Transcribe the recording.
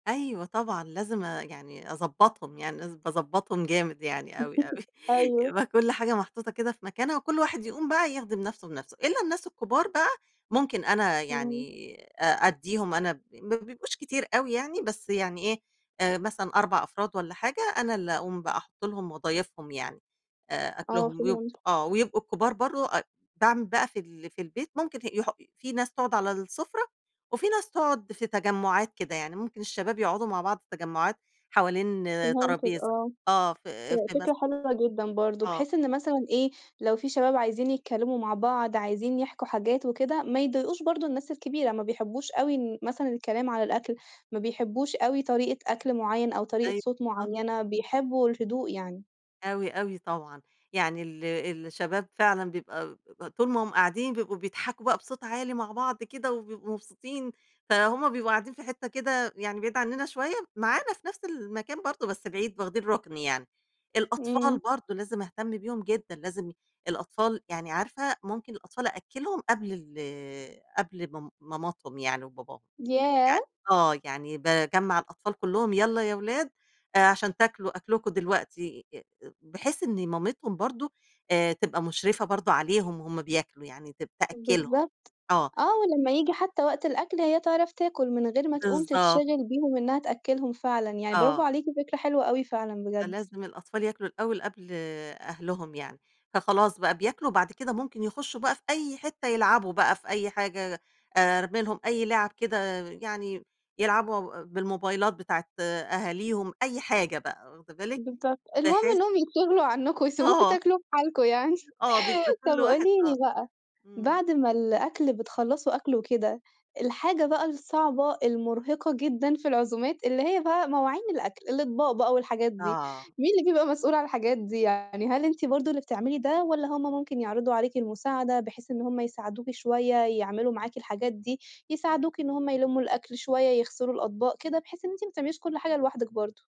أيوه طبعًا لازم أ يعني أضبّطهم، يعني لازم باضبّطهم جامد يعني أوي، أوي، أيوه. يبقى كلّ حاجة محطوطة كده في مكانها وكلّ واحد يقوم بقى يِخدم نفْسه بنفْسه، الّا الناس الكبار بقى، ممكن أنا إمم. يعني أ أدّيهم أنا ب ما بيبقوش كتير أوي يعني، بس يعني إيه، آآ مثلًا 4 أفراد والّا حاجة، أنا اللي اقوم بقى احط لهم واضايفهم يعني، آآ آه أكلهم، ويبق فهمتِك. آه ويبقوا الكبار برّه أ باعمل بقى في ال في البيت ممكن ه يح في ناس تقعُد على السفرة، وفي ناس تقعُد في تجمعات كده يعني، ممكن الشباب يقعدوا مع بعض تجمعات، حوالين فهمتِك ترابيزة، آه آه في [unintelligible] في مث فكرة حلوة جدًا برضه آه. بحيث إن مثلًا إيه، لو في شباب عايزين يتكلّموا مع بعض، عايزين يِحكوا حاجات وكده، ما يضايقوش برضه الناس الكبيرة، ما بيحبوش أوي إن مثلًا الكلام على الأكل، ما بيحبوش أوي طريقة أكل معيّن أو طريقة أيوه، صوت آه. معيّنة، بيحبوا الهدوء يعني. أوي، أوي طبعًا، يعني ال الشباب فعلًا بيبقى ب طول ما هُم قاعدين بيبقوا بيضحكوا بقى بصوت عالي مع بعض كده وبيبقوا مبسوطين، فهُم بيبقوا قاعدين في حتّة كده يعني بعيد عننا شوية، معانا في نفْس المكان برضه بس بعيد واخدين رُكن يعني، الأطفال إمم. برضه لازم اهتم بيهم جدًا لازم ي الأطفال يعني عارفة ممكن الأطفال أأكّلهم قبل ال قبل م ماماتهم يعني وباباهم، يعني ياه! آه يعني باجمّع الأطفال كلّهم يالّا يا ولاد آآ عشان تاكلوا أكلكم دلوقتي، ي ب بحيث إن مامتهم برضه آآ تبقى مُشرفة برضه عليهم وهُم بياكلوا، يعني تب تأكّلهم، بالضبط، آه. آه ولمّا ييجي حتّى وقت الأكل هي تعرف تاكل، من غير ما تقوم بالضبط. تتشغل بيهم إنّها تأكلّهم فعلًا يعني، برافو آه. عليكِ فكرة حلوة أوي فعلًا بجد. فلازم الأطفال ياكلوا الأول قبل أهلهم يعني، فخلاص بقى بياكلوا وبعد كده ممكن يخشّوا بقى في أي حتّة يلعبوا بقى في أي حاجة، آآ أرمي لهم أي لعب كده، يعني يلعبوا اب بالموبايلات بتاعة أهاليهم، أي حاجة بقى واخدة بالِك بالضبط، المهم بحيث إنهم يتشغلوا عنّكم ويسيبوكم آه. تاكلوا في حالكم يعني، آه بيبقى كلّ طب واحد قولي آه. لي بقى، إمم. بعد ما الأكل بتخلّصوا أكل وكده، الحاجة بقى الصعبة المرهقة جدًا في العزومات اللي هي بقى مواعين الأكل، الإطباق بقى والحاجات دي، آه. مين اللي بيبقى مسؤول عن الحاجات دي يعني هل أنتِ برضه اللي بتعملي ده، والّا هُم ممكن يعرضوا عليكِ المساعدة بحيث إن هُم يساعدوكِ شوية يعملوا معاكِ الحاجات دي، يساعدوكِ إن هُم يلمّوا الأكل شوية، يغسلوا الأطباق كده، بحيث إن أنتِ ما تعمليش كلّ حاجة لوحدِك برضه؟